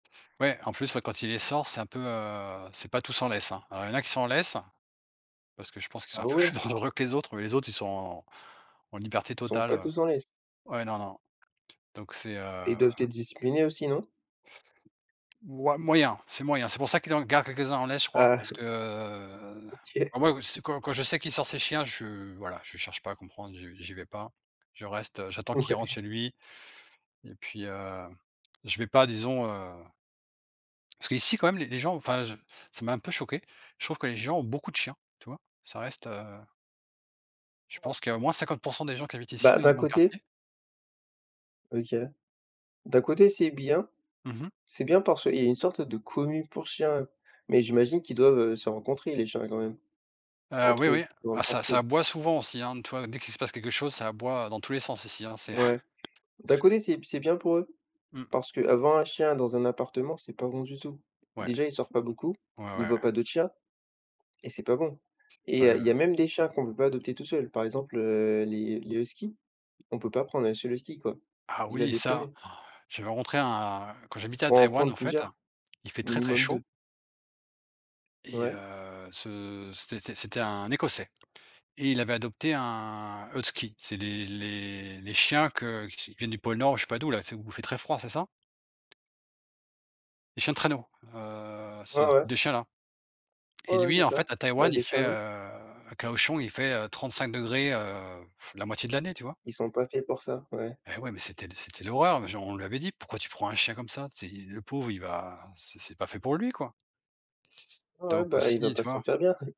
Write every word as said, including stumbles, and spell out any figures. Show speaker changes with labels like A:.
A: Ouais, en plus, heu, quand il les sort, c'est un peu, heu, c'est pas tous en laisse, hein. Alors, il y en a qui sont en laisse. Parce que je pense qu'ils
B: Ah
A: sont un peu
B: ouais?
A: plus dangereux que les autres, mais les autres, ils sont en en liberté
B: Ils sont
A: totale,
B: pas
A: heu
B: tous en laisse?
A: ouais, non, non, donc c'est,
B: Ils
A: heu
B: doivent être disciplinés aussi, non?
A: ouais, moyen, c'est moyen. C'est pour ça qu'il en garde quelques-uns en laisse, je crois.
B: Ah.
A: Parce que, heu,
B: OK.
A: bah, moi quand je s quand quand je sais qu'il sort ses chiens, je suis, voilà, je cherche pas à comprendre, j'y j'y vais pas. Je reste, heu, j'attends qu'il rentre
B: Ouais.
A: chez lui, et puis, heu, je vais pas, disons, heu parce qu'ici quand même, les les gens, enfin, ça m'a un peu choqué. Je trouve que les gens ont beaucoup de chiens, tu vois, ça reste, heu je
B: Ah ouais?
A: pense qu'il y a au moins cinquante pour cent des gens qui habitent ici
B: Bah,
A: dans
B: d'un
A: mon
B: côté
A: quartier.
B: OK. D'un côté c'est bien.
A: Mmh mh.
B: C'est bien parce qu'il y a une sorte de commune pour chiens, mais j'imagine qu'ils doivent, heu, se rencontrer les chiens quand même,
A: Heu, oui,
B: entre eux,
A: oui,
B: dans le
A: ça ça
B: quartier?
A: aboie souvent aussi, hein. Tu vois? Dès qu'il se passe quelque chose, ça aboie dans tous les sens ici, c'est
B: Ouais. D'un côté c'est b c'est bien pour eux.
A: Mmh.
B: Parce qu'avoir un chien dans un appartement, c'est pas bon du tout.
A: Ouais.
B: Déjà, il sort pas beaucoup.
A: Ouais, ouais,
B: Il
A: ouais.
B: voit pas d'autres chiens, et c'est pas bon et
A: Ouais
B: heu, il y a
A: le
B: même des chats qu'on peut pas adopter tout seul. Par exemple, heu, les les huskies, on peut pas prendre un seul husky, quoi.
A: Ah
B: Il va
A: oui, ça,
B: déprimer.
A: j'avais rencontré un quand j'habitais à
B: Faut en
A: Taïwan,
B: prendre
A: en fait,
B: plusieurs,
A: il fait très, très
B: minimum
A: chaud
B: deux.
A: et
B: Ouais.
A: heu, ce stétais c'était un Écossais, et il avait adopté un huttsky. C'est les les les chiens que [unintelligible] viennent du pôle nord ou je sais pas d'où, là, tu sais? Où il fait très froid, c'est ça? Les chiens de traîneaux, heu,
B: Ouais,
A: c'est
B: ouais.
A: des chiens, là,
B: Ouais,
A: et
B: ouais, c'est
A: lui, en
B: ça.
A: fait, à
B: Bah,
A: Taïwan, il
B: des chiens
A: fait,
B: loups.
A: heu, à Kaohsiung, il fait trente-cinq degrés, heu, la moitié de l'année, tu vois?
B: Ils sont pas faits pour ça, ouais.
A: Et ouais, mais c'était d c'était l'horreur, mais je on lui avait dit: «Pourquoi tu prends un chien comme ça? Tu sais i le pauvre, il va c'est c'est pas fait pour lui, quoi».
B: Ouais, ouais,
A: Donc
B: bah, il va
A: aussi,
B: pas
A: tu
B: se
A: vois?
B: sentir bien.